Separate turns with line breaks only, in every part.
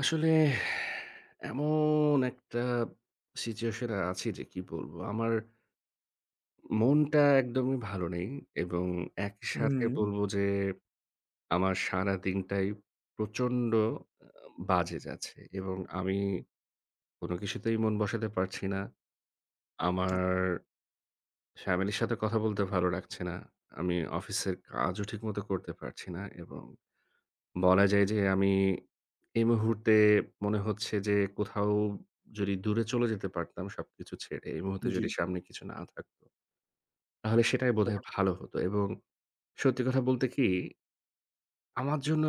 আসলে এমন একটা Situation-এ আছি যে কি বলব, আমার মনটা একদমই ভালো নেই এবং একইসাথে
উম
বলব যে, আমার সারাদিনটাই প্রচণ্ড, অ বাজে যাচ্ছে এবং আমি কোনো কিছুতেই মন বসাতে পারছি না। আমার Family র সাথে কথা বলতে ভালো লাগছে না। আমি অফিসের কাজও ঠিকমতো করতে পারছি না এবং বলা যায় যে আমি, এই মুহূর্তে মনে হচ্ছে যে কোথাও, যদি দূরে চলে যেতে পারতাম সবকিছু ছেড়ে, এই মুহূর্তে যদি
জি।
সামনে কিছু না থাকত তাহলে সেটাই বোধহয়
[unintelligible]
ভালো হত এবং সত্যি কথা বলতে কি আমার জন্য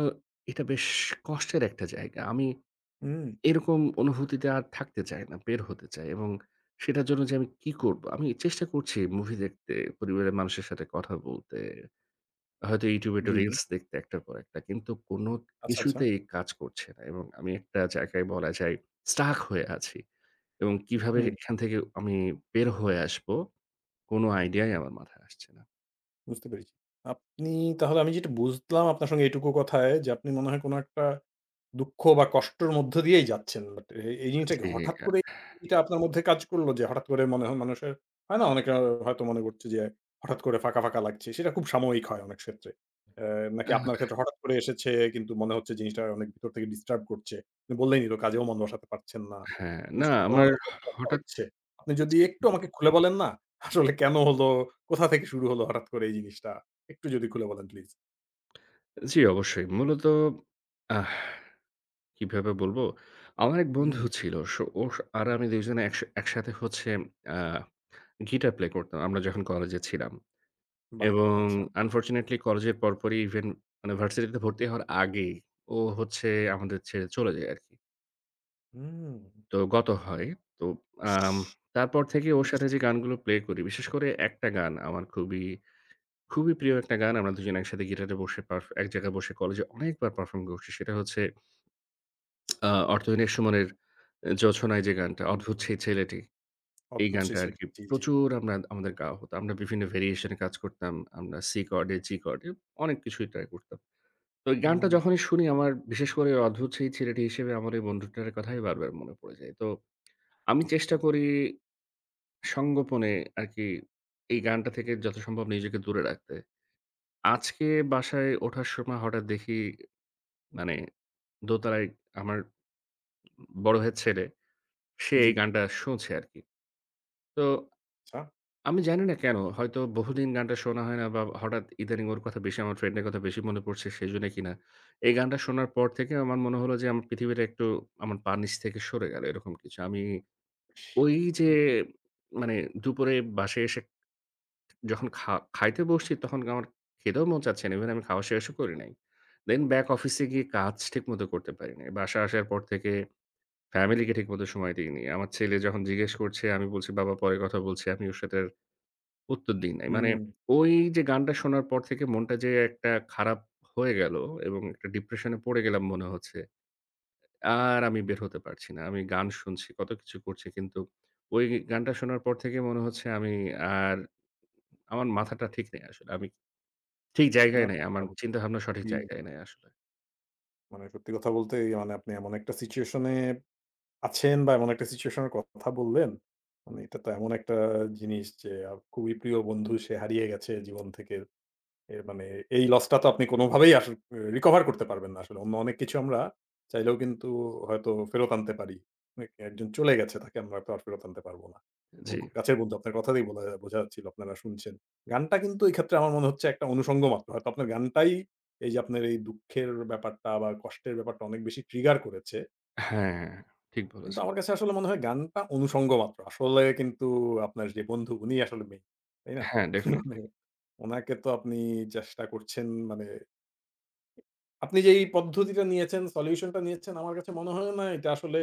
এটা বেশ কষ্টের একটা জায়গা। আমি,
উম
এরকম অনুভূতিতে আর থাকতে চাই না, বের হতে চাই এবং সেটার জন্য যে আমি কী করব? আমি চেষ্টা করছি Movie দেখতে, পরিবারের মানুষের সাথে কথা বলতে, হয়তো YouTube-এ একটা
জি, জি।
Reels দেখতে একটার পর একটা কিন্তু কোন
আচ্ছা, আচ্ছা।
কিছুতেই কাজ করছে না এবং আমি একটা জায়গায় বলা যায় Stuck হয়ে আছি এবং কিভাবে
হুম।
এখান থেকে আমি বের হয়ে আসব কোনো Idea-ই আমার মাথায় আসছে না।
বুঝতে পেরেছি। আপনি তাহলে, আমি যেটা বুঝলাম আপনার সঙ্গে এইটুকু কথায়, যে আপনি মনে হয় কোন একটা দুঃখ বা, কষ্টের মধ্য দিয়েই যাচ্ছেন। But এ এই
আ
জিনিসটা কি
জি,
হঠাৎ
অ্যা
করে এটা আপনার মধ্যে কাজ করল? যে হঠাৎ করে মনে হয় মানুষের, হয় না অনেকের হয়তো মনে করছে যে, হঠাৎ করে ফাঁকা, ফাঁকা লাগছে। সেটা খুব সাময়িক হয় অনেক ক্ষেত্রে। এ নাকি
আহ
আপনার ক্ষেত্রে হঠাৎ করে এসেছে, কিন্তু মনে হচ্ছে জিনিসটা অনেক ভিতর থেকে disturb করছে। আপনি বললেনই তো, কাজেও মন বসাতে পারছেন না।
হ্যাঁ, না
নিশ্চয়ই আপনার
আমার হ
খুব কষ্ট
হঠাৎ
হচ্ছে। আপনি যদি
জি।
একটু আমাকে খুলে বলেন না, আসলে কেন হল? কোথা থেকে শুরু হল হঠাৎ করে এই জিনিসটা? একটু যদি খুলে বলেন, প্লিজ।
জি অবশ্যই। মূলত, আহ কিভাবে বলব? আমার এক বন্ধু
উম
ছিল। সো ও সো আর আমি ২ জনে একসা একসাথে হচ্ছে আ guitar play করতাম, আমরা যখন কলেজে ছিলাম।
বাহ!
এবং
আচ্ছা।
unfortunately, কলেজের পরপরই even মানে ভার্সিটিতে ভর্তি হওয়ার আগেই, ও হচ্ছে আমাদের ছেড়ে চলে যায় আরকি।
উম
তো গত হয়। তো
ইশ!
আম তারপর থেকে ওর সাথে
আচ্ছা।
যে গানগুলো play করি, বিশেষ করে একটা গান আমার খুবই, খুবই প্রিয় একটা গান। আমরা দুজনে একসাথে guitar-এ বসে পার্ফ এক জায়গায় বসে কলেজে অনেকবার perform করেছি। সেটা হচ্ছে আ 'অর্থহীন' এর সুমনের অ্যা 'জোছনায়' যে গানটা, অদ্ভুত
[unintelligible]
সেই ছেলেটি। এই
অদ্ভুত
গানটা
সেই ছেলে
আরকি
জি, জি।
প্রচুর আমরা আমাদের গাওয়া হতো। আমরা বিভিন্ন variation-এ কাজ করতাম। আমরা C chord-এ, G chord-এ অনেক কিছুই try করতাম। তো এই গানটা
উম
যখনই শুনি আমার বিশেষ করে অদ্ভুত সেই ছেলেটি হিসেবে আমার ওই বন্ধুটার কথাই বারবার মনে পড়ে যায়। তো আমি চেষ্টা
খুব।
করি সংগোপনে আরকি এই গানটা থেকে যথাসম্ভব নিজেকে দূরে রাখতে। আজকে বাসায় ওঠার সময় হঠাৎ দেখি মানে দোতলায় আমার বড় ভাইয়ের ছেলে, সে এই
জি।
গানটা শুনছে আরকি। তো
আচ্ছা।
আমি জানি না কেন। হয়তো বহুদিন গানটা শোনা হয় না, বা হঠাৎ ইদানিং ওর কথা বেশি আমার friend-এর কথা বেশি মনে পড়ছে, সেজন্যে কিনা এই গানটা শোনার পর থেকে আমার মনে হলো যে, আমার পৃথিবীটা একটু আমার পার নিচ থেকে সরে গেল, এরকম কিছু। আমি
ইশ!
ওই যে,
[unintelligible]
মানে দুপুরে বাসায় এসে যখন খা খাইতে বসছি, তখন আমার খেতেও মন চাচ্ছে না, even আমি খাওয়া শেষও করি নাই। Then back অফিসে গিয়ে কাজ ঠিকমতো করতে পারি নাই। বাসায় আসার পর থেকে family-কে ঠিকমতো সময় দেইনি। আমার ছেলে যখন জিজ্ঞেস করছে, আমি বলছি 'বাবা পরে কথা বলছি, আমি ওর সাথে আর উত্তর দিই নাই।' মানে
হুম।
ওই যে গানটা শোনার পর থেকে মনটা যে একটা খারাপ হয়ে গেল এবং একটা depression-এ পড়ে গেলাম, মনে হচ্ছে। আর আমি বের হতে পারছি না। আমি গান শুনছি, কত কিছু করছি, কিন্তু ওই গানটা শোনার পর থেকে মনে হচ্ছে আমি আর আমার মাথাটা ঠিক নাই আসলে। আমি ঠিক
না
জায়গায় নাই, আমার
[unintelligible]
চিন্তাভাবনা সঠিক
জি।
জায়গায় নাই আসলে।
মানে সত্যি কথা বলতে মানে আপনি এমন একটা situation এব আছেন বা এমন একটা situation এর কথা বললেন, মানে এটা তো এমন একটা জিনিস যে আ খুবই প্রিয় বন্ধু, সে হারিয়ে গেছে জীবন থেকে। এ মানে এই loss টা তো আপনি কোনভাবেই আস recover করতে পারবেন না আসলে। অন্য অনেক কিছু আমরা চাইলেও কিন্তু হয়তো ফেরত আনতে পারি। এ একজন চলে গেছে, তাকে আমরা তো আর ফেরত আনতে পারব না
জি।
এবং খুব কাছের বন্ধু। আপনার কথাতেই বোঝা বোঝা যাচ্ছিল আপনারা শুনছেন। গানটা কিন্তু এক্ষেত্রে আমার মনে হচ্ছে একটা অনুষঙ্গ মাত্র। হয়তো আপনার গানটাই এইযে আপনার এই দুঃখের ব্যাপারটা বা কষ্টের ব্যাপারটা অনেক বেশি trigger করেছে।
হ্যাঁ, ঠিক
কিন্তু
বলেছে।
আমার কাছে আসলে মনে হয় গানটা অনুষঙ্গ মাত্র। আসলে কিন্তু আপনার যে বন্ধু উনি আসলে main, তাই না?
হ্যাঁ, definitely।
মানে উনাকে তো আপনি চেষ্টা করছেন মানে আপনি যে এই পদ্ধতিটা নিয়েছেন, solution টা নিয়েছেন আমার কাছে মনে হলো না এটা আসলে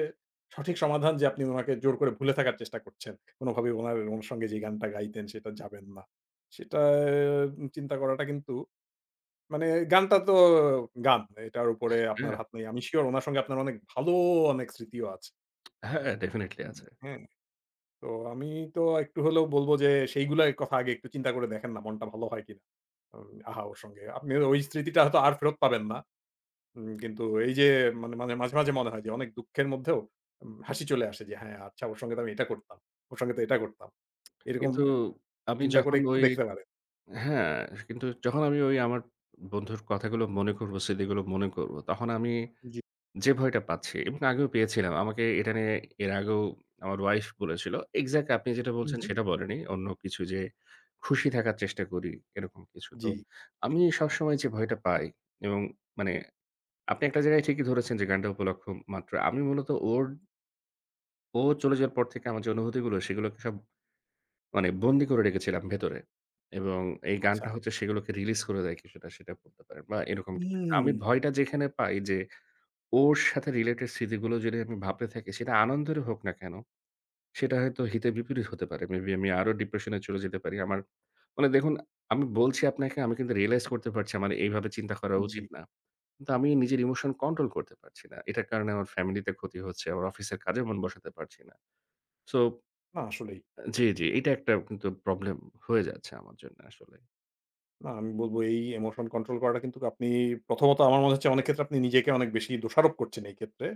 সঠিক সমাধান যে আপনি উনাকে জোর করে ভুলে থাকার চেষ্টা করছেন। কোনভাবেই উনার অনুসঙ্গে যে গানটা গাইতেন সেটা যাবেন না। সেটা আ চিন্তা করাটা কিন্তু মানে গানটা তো অ গান। এটার উপরে
হ্যাঁ
আপনার
অ্যা
হাত নেই। আমি sure উনার সঙ্গে আপনার অনেক ভালো অনেক স্মৃতিও আছে।
হ্যাঁ, হ্যাঁ, definitely আছে।
হ্যাঁ। তো আমি তো একটু হলেও বলব যে সেইগুলাই কথা আগে একটু চিন্তা করে দেখেন না মনটা ভালো হয় কিনা? [unintelligible] আহা ওর সঙ্গে। আপনি ওই স্মৃতিটা হয়তো আর ফেরত পাবেন না। হুম কিন্তু ওই যে মানে মাঝে, মাঝে, মনে হয় যে অনেক দুঃখের মধ্যেও উম হাসি চলে আসে যে হ্যাঁ, আচ্ছা ওর সঙ্গে তো আমি এটা করতাম, ওর সঙ্গে তো এটা করতাম। এরকম
কিন্তু আমি
চিন্তা করে
যখন
একটু
ওই
দেখতে পারেন।
হ্যাঁ, কিন্তু যখন আমি ওই আমার বন্ধুর কথাগুলো মনে করব, স্মৃতিগুলো মনে করব, তখন আমি
জি।
যে ভয়টা পাচ্ছি এবং আগেও পেয়েছিলাম। আমাকে এটা নিয়ে এর আগেও আমার wife বলেছিল। Exactly আপনি যেটা বলছেন
হুম।
সেটা বলেনি, অন্য কিছু যে খুশি থাকার চেষ্টা করি এরকম কিছু। তো
জি।
আমি সবসময় যে ভয়টা পাই, এবং মানে আপনি একটা জায়গায় ঠিকই ধরেছেন যে গানটা উপলক্ষ মাত্র। আমি মূলত ওর ও চলে যাওয়ার পর থেকে আমার যে অনুভূতিগুলো সেগুলোকে সব মানে বন্দী করে রেখেছিলাম ভেতরে। এবং এই গানটা
আচ্ছা।
হচ্ছে সেগুলোকে release করে দেয় কিছুটা সেটা বলতে পারেন বা এরকম কিছু। আমি
হুম।
ভয়টা যেখানে পাই যে, ওর সাথে related স্মৃতিগুলো যদি আমি ভাবতে থাকি সেটা আনন্দেরই হোক না কেন, সেটা হয়তো হিতে বিপরীত হতে পারে। Maybe আমি আরও depression-এ চলে যেতে পারি। আমার মানে দেখুন আমি বলছি আপনাকে, আমি কিন্তু realize করতে পারছি আমার এইভাবে চিন্তা করা
জি।
উচিত না। কিন্তু আমি নিজের emotion control করতে পারছি না। এটার কারণে আমার family তে ক্ষতি হচ্ছে, আমার অফিসের কাজে মন বসাতে পারছি না। So
না আসলেই।
জি, জি, এটা একটা কিন্তু problem হয়ে যাচ্ছে আমার জন্য আসলে।
না আমি বলব এই ইমোশন কন্ট্রোল করাটা কিন্তুক আপনি প্রথমত আমার মনে হচ্ছে অনেক ক্ষেত্রে আপনি নিজেকে অনেক বেশি দোষারোপ করছেন এই ক্ষেত্রে।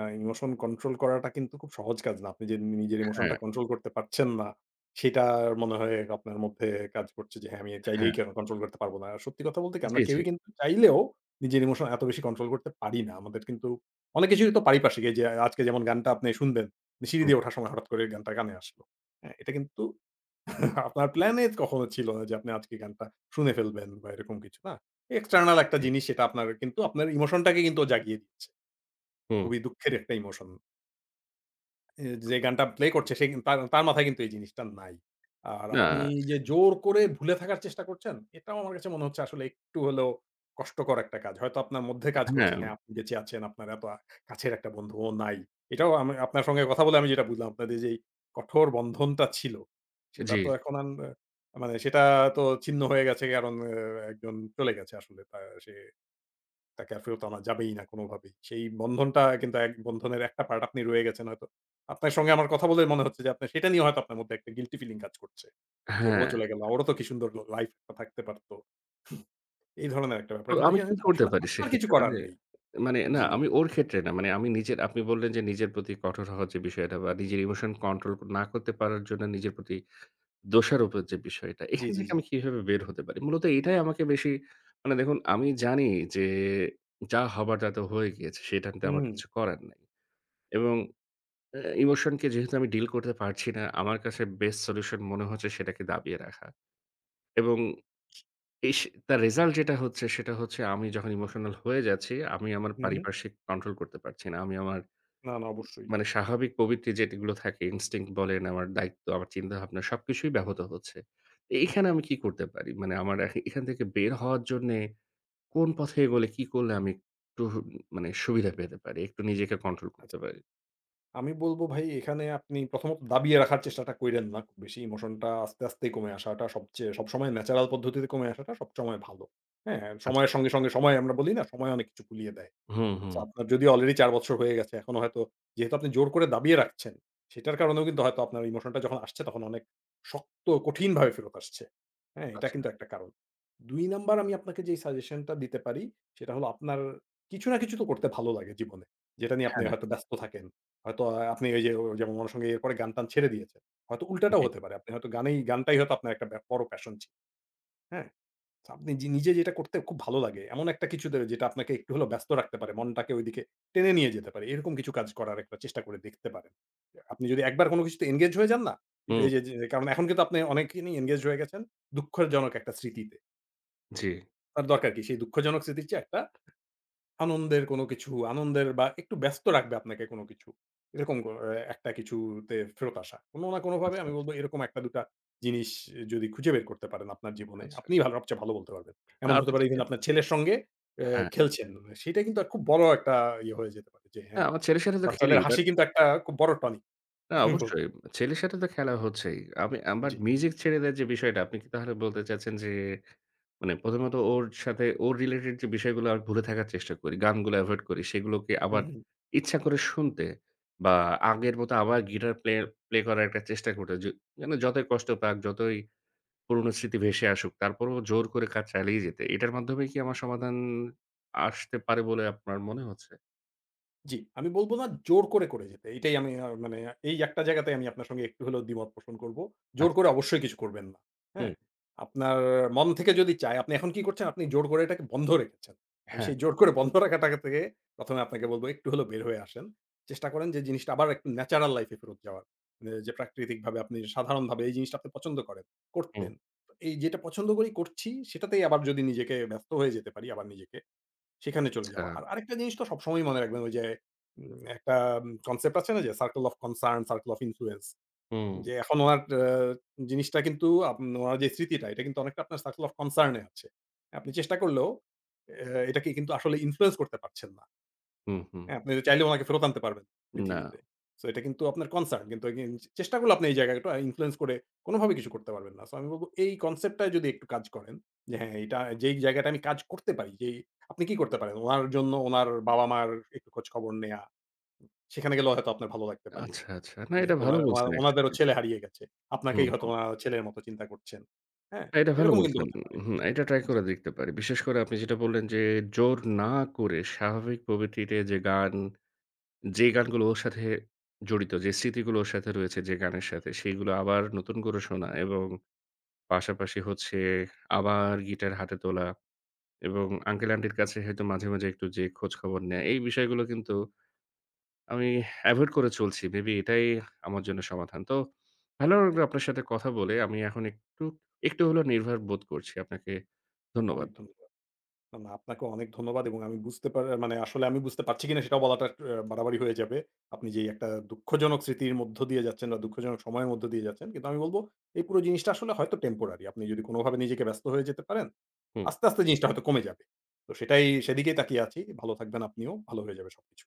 আ ইমোশন কন্ট্রোল করাটা কিন্তু খুব সহজ কাজ না। আপনি যে নি নিজের emotion টা
হ্যাঁ।
control করতে পারছেন না সেটা মনে হয় আপনার মধ্যে কাজ করছে যে হ্যাঁ, আমি চাইলেই
হ্যাঁ।
কেন কন্ট্রোল করতে পারব না। আর সত্যি কথা বলতে কি
জি,
আমরা
জি।
কেউই কিন্তু চাইলেও নিজের ইমোশন এত বেশি কন্ট্রোল করতে পারি না। আমাদের কিন্তু অনেক কিছুই তো পারিপার্শ্বিক এই যে আজকে যেমন গানটা আপনি শুনবেন, সিঁড়ি
হুম।
দিয়ে ওঠার সময় হঠাৎ করে গানটা কানে আসলো। হ্যাঁ? এটা কিন্তু আপনার প্ল্যানে কখনো ছিল না যে আপনি আজকে গানটা শুনে ফেলবেন বা এরকম কিছু, না?
হুম,
External একটা
হু।
জিনিস সেটা আপনার কিন্তু আপনার ইমোশন টাকে কিন্তু জাগিয়ে
হুম।
খুবই দুঃখের একটা ইমোশন এ যে গানটা প্লে করছে সে তার তার মাথায় কিন্তু এই জিনিসটা নাই। আর আপনি
না
যে
[unintelligible]
জোর করে ভুলে থাকার চেষ্টা করছেন এটাও আমার কাছে মনে হচ্ছে আসলে একটু হলেও কষ্টকর একটা কাজ। হয়তো আপনার মধ্যে কাজ
এ
করছে হ্যাঁ,
হ্যাঁ।
আপনি বেচে আছেন, আপনার এত আ কাছের একটা বন্ধু ও নাই। এটাও আমি আপনার সঙ্গে কথা বলে আমি যেটা বুঝলাম আপনাদের যে এই কঠোর বন্ধনটা ছিল। সেটা তো
জি।
এখন আর মানে সেটা তো ছিন্ন হয়ে গেছে কারণ এ্যা একজন চলে গেছে আসলে। তা সে তাকে আর ফেরত আনা যাবেই না কোনোভাবেই। সেই বন্ধনটা কিন্তু এক বন্ধনের একটা পার্ট আপনি রয়ে গেছেন হয়তো। আপনার সঙ্গে আমার কথা বলে মনে হচ্ছে যে আপনি সেটা নিয়ে হয়তো আপনার মধ্যে একটা গিল্টি ফিলিং কাজ করছে। যে ও
হ্যাঁ।
চলে গেল, ওরও তো কি সুন্দর লাইফ থাকতে পারত। এই ধরনের একটা ব্যাপার।
তো
কিন্তু
আমি
এখানে
কি
তো
করতে
আসলে
পারি
আপনার কিছু
সেক্ষেত্রে?
করার
মানে,
নেই।
মানে না
জি।
আমি ওর ক্ষেত্রে না। মানে আমি নিজের, আপনি বললেন যে নিজের প্রতি কঠোর হওয়া যে বিষয়টা বা নিজের ইমোশন কন্ট্রোল না করতে পারার জন্য নিজের প্রতি দোষারোপের যে বিষয়টা,
জি,
এখান
জি,
থেকে
জি।
আমি কিভাবে বের হতে পারি? মূলত এটাই আমাকে বেশি মানে দেখুন, আমি জানি যে যা হবার তা তো হয়ে গিয়েছে, সেটাতে আমার
হুম।
কিছু করার নাই। এবং এ্যা ইমোশনকে যেহেতু আমি ডিল করতে পারছি না, আমার কাছে বেস্ট সল্যুশন মনে হচ্ছে সেটাকে দাবিয়ে রাখা এবং ইশ তার রেজাল্ট যেটা হচ্ছে সেটা হচ্ছে আমি যখন ইমোশনাল হয়ে যাচ্ছি, আমি আমার
হু, হু।
পারিপার্শ্বিক কন্ট্রোল করতে পারছি না। আমি আমার
না, না, অবশ্যই।
মানে স্বাভাবিক প্রবৃত্তি যেগুলো থাকে ইনস্টিংক্ট বলেন, আমার দায়িত্ব, আমার চিন্তাভাবনা সবকিছুই ব্যাহত হচ্ছে। এখানে আমি কি করতে পারি? মানে আমার এখ এখান থেকে বের হওয়ার জন্যে কোন পথে এগোলে, কি করলে আমি একটু মানে সুবিধা পেতে পারি, একটু নিজেকে কন্ট্রোল
আচ্ছা।
করতে পারি?
আমি বলব ভাই এখানে আপনি প্রথমত দাবিয়ে রাখার চেষ্টাটা কইরেন না। বেশি ইমোশনটা আস্তে, আস্তে কমে আসাটা সবচেয়ে সবসময় ন্যাচারাল পদ্ধতিতে কমে আসাটা সবসময় ভালো। হ্যাঁ?
আচ্ছা।
সময়ের সঙ্গে, সঙ্গে সময় আমরা বলি না, সময় অনেক কিছু ভুলিয়ে দেয়।
হুম,
so
হুম।
আপনার যদিও অলরেডি ৪ বছর হয়ে গেছে, এখনও হয়তো যেহেতু আপনি জোর করে দাবিয়ে রাখছেন, সেটার কারণেও কিন্তু হয়তো আপনার ইমোশনটা যখন আসছে তখন অনেক শক্ত ও কঠিনভাবে ফেরত আসছে। হ্যাঁ? এটা
আচ্ছা।
কিন্তু একটা কারণ। ২ নাম্বার আমি আপনাকে যেই সাজেশনটা দিতে পারি, সেটা হলো আপনার কিছু না কিছু তো করতে ভালো লাগে জীবনে। যেটা নিয়ে আপনি
হ্যাঁ।
হয়তো ব্যস্ত থাকেন। হয়তো আপনি এই যে যেমন ওনার সঙ্গে এরপরে গান-টান ছেড়ে দিয়েছেন। হয়তো
উ
উল্টাটাও
জি।
হতে পারে। আপনি হয়তো গান এই গানটাই হয়তো আপনার একটা বড় প্যাশন ছিল। হ্যাঁ। so আপনি যে নিজে যেটা করতে খুব ভালো লাগে এমন একটা কিছুতে যেটা আপনাকে একটু হলেও ব্যস্ত রাখতে পারে, মনটাকে ওইদিকে টেনে নিয়ে যেতে পারে, এরকম কিছু কাজ করার একটা চেষ্টা করে দেখতে পারেন। আপনি যদি একবার কোনো কিছুতে এংগেজ হয়ে যান না,
হুম।
এইযে যে কারণ এখন কিন্তু আপনি অনেক কে নিয়ে এংগেজড হয়ে গেছেন, দুঃখজনক একটা স্মৃতিতে।
জ্বী।
তার দরকার কি সেই দুঃখজনক স্মৃতি চেয়ে একটা, আনন্দের কোন কিছু, আনন্দের বা একটু ব্যস্ত রাখবে আপনাকে কোন কিছু। এরকম কোন অ্যা একটা কিছুতে ফেরত আসা। কোন না কোনভাবে
আচ্ছা,
আমি বলব
আচ্ছা।
এরকম একটা দুটা জিনিস যদি খুঁজে বের করতে পারেন আপনার জীবনে,
আচ্ছা।
আপনিই ভালো সবচেয়ে ভালো বলতে পারবেন।
অ্যা
এমন হতে
আগে
পারে
থেকে।
এখানে আপনার ছেলের সঙ্গে আ
হ্যাঁ।
খেলছেন। সেটাই কিন্তু খুব বড় একটা ইয়ে হয়ে যেতে পারে যে হ্যাঁ,
হ্যাঁ, আমার ছেলের সাথে তো খেলি
বাচ্চাদের
but
হাসি কিন্তু একটা খুব বড় tonic।
না
আমি বলব।
অবশ্যই, ছেলের সাথে তো খেলা হচ্ছেই। আমি আমার
জ্বী।
music ছেড়ে দেয়ার যে বিষয়টা, আপনি কি তাহলে বলতে চাচ্ছেন যে, মানে ১ম ত ওর সাথে ওর related যে বিষয়গুলো আমি ভুলে থাকার চেষ্টা করি। গানগুলো avoid করি, সেগুলোকে
হু,
আবার
হু।
ইচ্ছা করে শুনতে, বা আগের মত আবার guitar play play করার একটা চেষ্টা করতে। যে মানে যতই কষ্ট পাক, যতই পুরনো স্মৃতি ভেসে আসুক তারপরও জোর করে কাজ চালিয়ে যেতে, এটার মাধ্যমে কি আমার সমাধান আসতে পারে বলে আপনার মনে হচ্ছে?
জ্বী। আমি বলব না জোর করে, করে যেতে। এটাই আমি আ মানে এই একটা জায়গাতে আমি আপনার সঙ্গে একটু হলেও দ্বিমত পোষণ করব। জোর করে
আচ্ছা।
অবশ্যই কিছু করবেন না। হ্যাঁ?
হুম।
আপনার মন থেকে যদি চায়, আপনি এখন কি করছেন? আপনি জোর করে এটাকে বন্ধ রেখেছেন। আমি
হ্যাঁ।
সেই জোর করে বন্ধ রাখাটা থেকে, ১ম এ আপনাকে বলব একটু হলেও বের হয়ে আসেন। চেষ্টা করেন যে জিনিসটা আবার একটু natural life-এ ফেরত যাওয়ার। মানে যে প্রাকৃতিকভাবে আপনি সাধারণভাবে এই জিনিসটা আপনি পছন্দ করেন, করতেন।
হুম।
এই যেটা পছন্দ করি করছি সেটাতেই আবার যদি নিজেকে ব্যস্ত হয়ে যেতে পারি আবার নিজেকে, সেখানে চলে
আচ্ছা।
যাওয়া। আর আরেকটা জিনিস তো সবসময়ই মনে রাখবেন ওই যে উম একটা concept আছে না যে circle of concern, circle of influence।
হুম।
যে এখন ওনার আ জিনিসটা কিন্তু আব ওনার যে স্মৃতিটা, এটা কিন্তু অনেকটা আপনার circle of concern এ আছে। আপনি চেষ্টা করলেও এ এটাকে কিন্তু আসলে influence করতে পারছেন না।
হু, হু।
হ্যাঁ, আপনি চাইলে ওনাকে ফেরত আনতে পারবেন
না।
পৃথিবীতে। সো এটা কিন্তু আপনার concern। কিন্তু এখানে চেষ্টা করলে আপনি এই জায়গাটা influence করে কোনভাবেই কিছু করতে পারবেন না। সো আমি বলব এই concept টায় যদি একটু কাজ করেন যে, হ্যাঁ, এটা যেই জায়গাটায় আমি কাজ করতে পারি। যে আপনি কি করতে পারেন ওনার জন্য, ওনার বাবা-মার একটু খোঁজ খবর নেয়া। সেখানে গেলেও হয়তো আপনার ভালো লাগতে পারে।
আচ্ছা, আচ্ছা। না এটা
যেহেতু
ভালো
ওনার, ওনার,
বলছেন
ওনাদেরও
actually।
ছেলে হারিয়ে গেছে।
হুম,
আপনাকেই হয়তো
হুম।
ওনারা ছেলের মতো চিন্তা করছেন। হ্যাঁ?
হ্যাঁ, এটা ভালো
এরকম কিন্তু
বলছেন।
হতে পারে।
হুম। এটা try
জ্বী।
করে দেখতে পারি। বিশেষ করে আপনি যেটা বললেন যে জোর না করে স্বাভাবিক প্রবৃত্তিতে যে গান, যে গানগুলো ওর সাথে জড়িত, যে স্মৃতিগুলো ওর সাথে রয়েছে যে গানের সাথে সেগুলো আবার নতুন করে শোনা। এবং পাশাপাশি হচ্ছে আবার guitar হাতে তোলা। এবং uncle-aunty'র কাছে হয়তো মাঝেমাঝে একটু যেয়ে খোঁজখবর নেয়া। এই বিষয়গুলো কিন্তু আমি avoid করে চলছি। Maybe এটাই আমার জন্য সমাধান। তো, ভালো লাগলো আপনার সাথে কথা বলে। আমি এখন একটু একটু হলেও নির্ভার বোধ করছি। আপনাকে ধন্যবাদ।
অনেক ধন্যবাদ। এবং আপনাকেও অনেক ধন্যবাদ এবং আমি বুঝতে পা মানে আসলে আমি বুঝতে পারছি কিনা সেটাও বলাটা অ্যা বাড়াবাড়ি হয়ে যাবে। আপনি যেই একটা দুঃখজনক স্মৃতির মধ্য দিয়ে যাচ্ছেন বা দুঃখজনক সময়ের মধ্য দিয়ে যাচ্ছেন। কিন্তু আমি বলব এই পুরো জিনিসটা আসলে হয়তো temporary। আপনি যদি কোনভাবে নিজেকে ব্যস্ত হয়ে যেতে পারেন,
হুম।
আস্তে, আস্তে জিনিসটা হয়তো কমে যাবে। তো সেটাই সেদিকেই তাকিয়ে আছি। ভালো থাকবেন আপনিও। ভালো হয়ে যাবে সবকিছু।